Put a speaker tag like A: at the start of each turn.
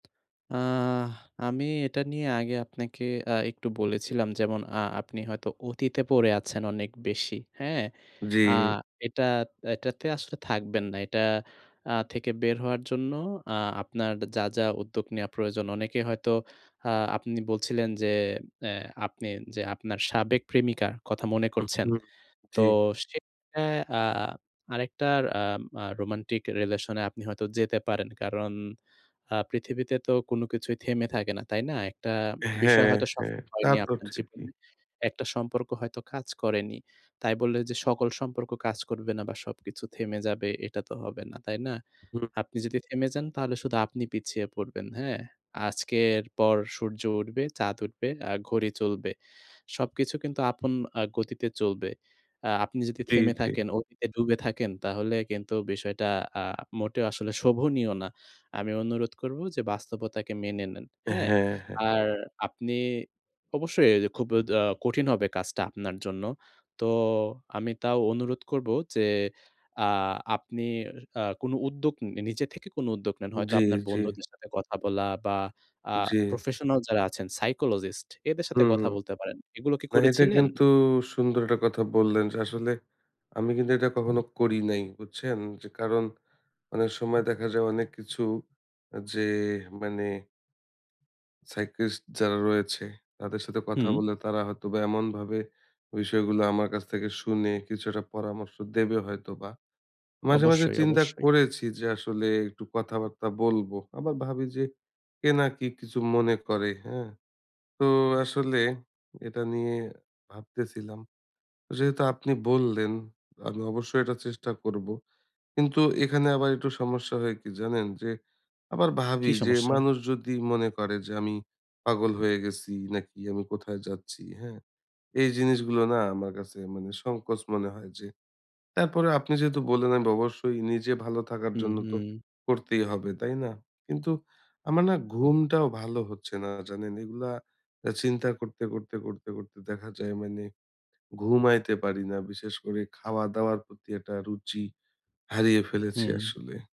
A: আ আমি এটা নিয়ে আগে আপনাকে আ একটু বলেছিলাম, যেমন আ আপনি হয়তো অতীতে পড়ে আছেন অনেক বেশি, হ্যাঁ?
B: জ্বী।
A: আ এটা এটাতে আসলে থাকবেন না। এটা আ থেকে বের হওয়ার জন্য আ আপনার যা, যা উদ্যোগ নেয়া প্রয়োজন। অনেকে হয়তো আ আপনি বলছিলেন যে, এ আপনি যে আপনার সাবেক প্রেমিকা, কথা মনে
B: হু,
A: করছেন।
B: হু।
A: তো
B: জ্বী।
A: সে এ আ আরেকটার আ মা রোমান্টিক রিলেশনে আপনি হয়তো যেতে পারেন। কারণ আ পৃথিবীতে তো কোন কিছুই থেমে থাকে না, তাই না? একটা বিষয়
B: হ্যাঁ,
A: হয়তো
B: হ্যাঁ।
A: সফল
B: তা
A: হয়নি
B: তো
A: আপনার
B: ঠিকই।
A: জীবনে। একটা সম্পর্ক হয়তো কাজ করেনি। তাই বলে যে সকল সম্পর্ক কাজ করবে না বা, সবকিছু থেমে যাবে এটা তো হবে না, তাই না?
B: হুম।
A: আপনি যদি থেমে যান, তাহলে শুধু আপনি পিছিয়ে পড়বেন, হ্যাঁ? আজকের পর সূর্য উঠবে, চাঁদ উঠবে, আ ঘড়ি চলবে। সবকিছু কিন্তু আপন আ গতিতে চলবে। আ আপনি যদি
B: জি,
A: থেমে
B: জি।
A: থাকেন, অতীতে ডুবে থাকেন, তাহলে কিন্তু বিষয়টা আ মোটেও আসলে শোভনীয় না। আমি অনুরোধ করবো যে বাস্তবতাকে মেনে নেন, হ্যাঁ?
B: হ্যাঁ, হ্যাঁ।
A: আর আপনি অবশ্যই এ খুব দা কঠিন হবে কাজটা আপনার জন্য। তো আমি তাও অনুরোধ করবো যে, আ আপনি আ কোনো উদ্যোগ উম নিজে থেকে কোনো উদ্যোগ নেন। হয়তো
B: জি,
A: আপনার
B: জি।
A: বন্ধুদের সাথে কথা বলা বা, আ
B: জ্বী।
A: প্রফেশনাল যারা আছেন, সাইকোলজিস্ট, এদের সাথে
B: হুম,
A: কথা
B: হুম।
A: বলতে পারেন। এগুলো কি
B: না এটা
A: করেছিলেন?
B: কিন্তু সুন্দর একটা কথা বললেন যে আসলে আমি কিন্তু এটা কখনো করি নাই, বুঝছেন? যে কারণ, অনেক সময় দেখা যায় অনেক কিছু আ যে মানে সাইক্রিয়াটিস্ট যারা রয়েছে, তাদের সাথে কথা
A: হুম।
B: বললে তারা হয়তোবা এমনভাবে বিষয়গুলো আমার কাছ থেকে শুনে কিছু একটা পরামর্শ দেবে হয়তোবা। মাঝে, মাঝে
A: অবশ্যই,
B: চিন্তা
A: অবশ্যই।
B: করেছি যে আসলে একটু কথাবার্তা বলবো। আবার ভাবি যে, কে না কি কিছু মনে করে, হ্যাঁ? তো আসলে এটা নিয়ে ভাবতেছিলাম। যেহেতু আপনি বললেন, আমি অবশ্যই এটা চেষ্টা করবো। কিন্তু এখানে আবার একটু সমস্যা হয় কি জানেন? যে আবার
A: কি
B: ভাবি যে
A: সমস্যা?
B: মানুষ যদি মনে করে যে, "আমি পাগল হয়ে গেছি নাকি আমি কোথায় যাচ্ছি!" হ্যাঁ? এই জিনিসগুলো না আমার কাছে মানে সংকোচ মনে হয় যে, তারপরেও আপনি যেহেতু বললেন অ্যান্ড অবশ্যই নিজে ভালো থাকার
A: হু,
B: জন্য তো
A: হু।
B: করতেই হবে, তাই না? কিন্তু আমার না ঘুমটাও ভালো হচ্ছে না, জানেন? এগুলা এ চিন্তা করতে, করতে, করতে, করতে দেখা যায় মানে ঘুমাইতে পারি না। বিশেষ করে খাওয়া-দাওয়ার প্রতি একটা রুচি, হারিয়ে ফেলেছি
A: হুঁ।
B: আসলে।